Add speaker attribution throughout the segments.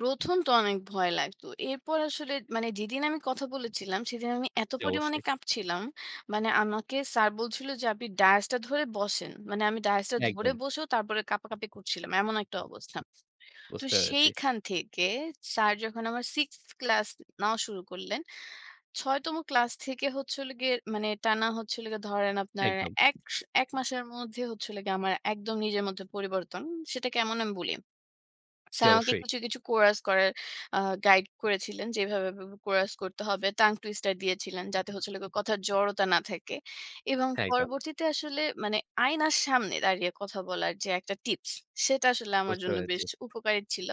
Speaker 1: ১ম তো অনেক ভয় লাগতো। এরপর আসলে মানে যেদিন আমি কথা বলেছিলাম, সেদিন আমি এত
Speaker 2: জী,
Speaker 1: পরিমাণে
Speaker 2: অবশ্যই।
Speaker 1: কাঁপছিলাম। মানে আমাকে স্যার বলছিল যে, আপনি ডায়েসটা ধরে বসেন। মানে আমি ডায়েসটা ধরে
Speaker 2: একদম।
Speaker 1: বসেও, তারপরে কাঁপাকাঁপি করছিলাম। এমন একটা অবস্থা। তো
Speaker 2: বুঝতে পেরেছি।
Speaker 1: সেইখান থেকে স্যার যখন আমার সিক্সথ ক্লাস নেওয়া শুরু করলেন, ৬ তম ক্লাস থেকে হচ্ছে হলো গিয়ে মানে টানা হচ্ছিল গিয়ে ধরেন আপনার
Speaker 2: একদম।
Speaker 1: ১ স ১ মাসের মধ্যে হচ্ছে হলো গিয়ে আমার একদম নিজের মধ্যে পরিবর্তন। সেটা কেমন আমি বলি।
Speaker 2: জ্বি,
Speaker 1: স্যার আমাকে
Speaker 2: অবশ্যই।
Speaker 1: কিছু, কিছু কোরাস করার আ গাইড করেছিলেন। যে এভাবে, এভাবে কোরাস করতে হবে। টাং টুইস্টার দিয়েছিলেন। যাতে হচ্ছে হলো গিয়ে কথার জড়তা না থাকে। এবং
Speaker 2: হ্যাঁ, একদম।
Speaker 1: পরবর্তীতে আসলে মানে আয়নার সামনে দাঁড়িয়ে কথা বলার যে একটা টিপস, সেটা আসলে আমার
Speaker 2: বুঝতে
Speaker 1: জন্য
Speaker 2: পেরেছি।
Speaker 1: বেশ উপকারী ছিল।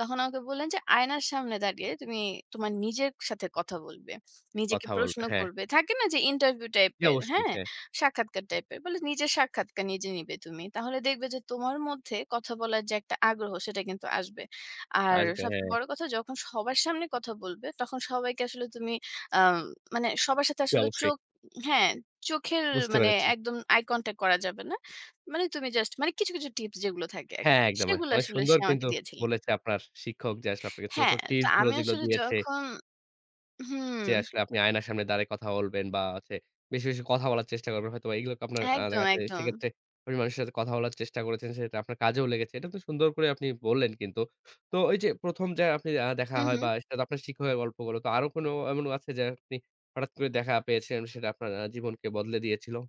Speaker 1: তখন আমাকে বললেন যে, আয়নার সামনে দাঁড়িয়ে তুমি তোমার নিজের সাথে কথা বলবে। নিজেকে
Speaker 2: কথা বলবে,
Speaker 1: প্রশ্ন
Speaker 2: হ্যাঁ।
Speaker 1: করবে। থাকে না যে ইন্টারভিউ টাইপ
Speaker 2: জী,
Speaker 1: এর,
Speaker 2: অবশ্যই।
Speaker 1: হ্যাঁ?
Speaker 2: হ্যাঁ।
Speaker 1: সাক্ষাৎকার টাইপ এর। বলে নিজের সাক্ষাৎকার নিজে নিবে তুমি। তাহলে দেখবে যে, তোমার মধ্যে কথা বলার যে একটা আগ্রহ সেটা কিন্তু আসবে। আর
Speaker 2: আসবে,
Speaker 1: সবচেয়ে
Speaker 2: হ্যাঁ।
Speaker 1: বড় কথা যখন সবার সামনে কথা বলবে, তখন সবাইকে আসলে তুমি আ ম মানে সবার সাথে
Speaker 2: জী,
Speaker 1: আসলে
Speaker 2: অবশ্যই।
Speaker 1: চোখ, হ্যাঁ, চোখের
Speaker 2: বুঝতে
Speaker 1: মানে
Speaker 2: পেরেছি।
Speaker 1: একদম আই কনট্যাক্ট করা যাবে না। মানে তুমি জাস্ট মানে কিছু, কিছু টিপস যেগুলো থাকে আরকি।
Speaker 2: হ্যাঁ, একদমই।
Speaker 1: সেগুলা
Speaker 2: অনেক
Speaker 1: আসলে
Speaker 2: সুন্দর
Speaker 1: সে আমাকে
Speaker 2: কিন্তু
Speaker 1: দিয়েছিলেন।
Speaker 2: বলেছে আপনার শিক্ষক যে আসলে আপনাকে ছোট, ছোট
Speaker 1: হ্যাঁ, তো
Speaker 2: টিপস গুলো
Speaker 1: আমি
Speaker 2: যেগুলো
Speaker 1: আসলে
Speaker 2: দিয়েছে।
Speaker 1: যখন হুম।
Speaker 2: যে আসলে আপনি আয়নার সামনে দাড়িয়ে কথা বলবেন। বা হচ্ছে বেশি, বেশি কথা বলার চেষ্টা করবেন। হয়তোবা এগুলো আপনার
Speaker 1: একদম,
Speaker 2: দেখা যাচ্ছে।
Speaker 1: একদম।
Speaker 2: সেক্ষেত্রে আপনি মানুষের সাথে কথা বলার চেষ্টা করেছেন। সেটা আপনার কাজেও লেগেছে। এটা তো সুন্দর করে আপনি বললেন কিন্তু। তো ওই যে, ১ম যে আপনি আ দেখা
Speaker 1: হুম,
Speaker 2: হয় বা
Speaker 1: হুম।
Speaker 2: সেটাতো আপনার শিক্ষকের গল্পগুলো। তো আরো কোনো এমন আছে যে, আপনি হঠাৎ করে দেখা পেয়েছেন সেটা আপনার আ জীবনকে বদলে দিয়েছিল।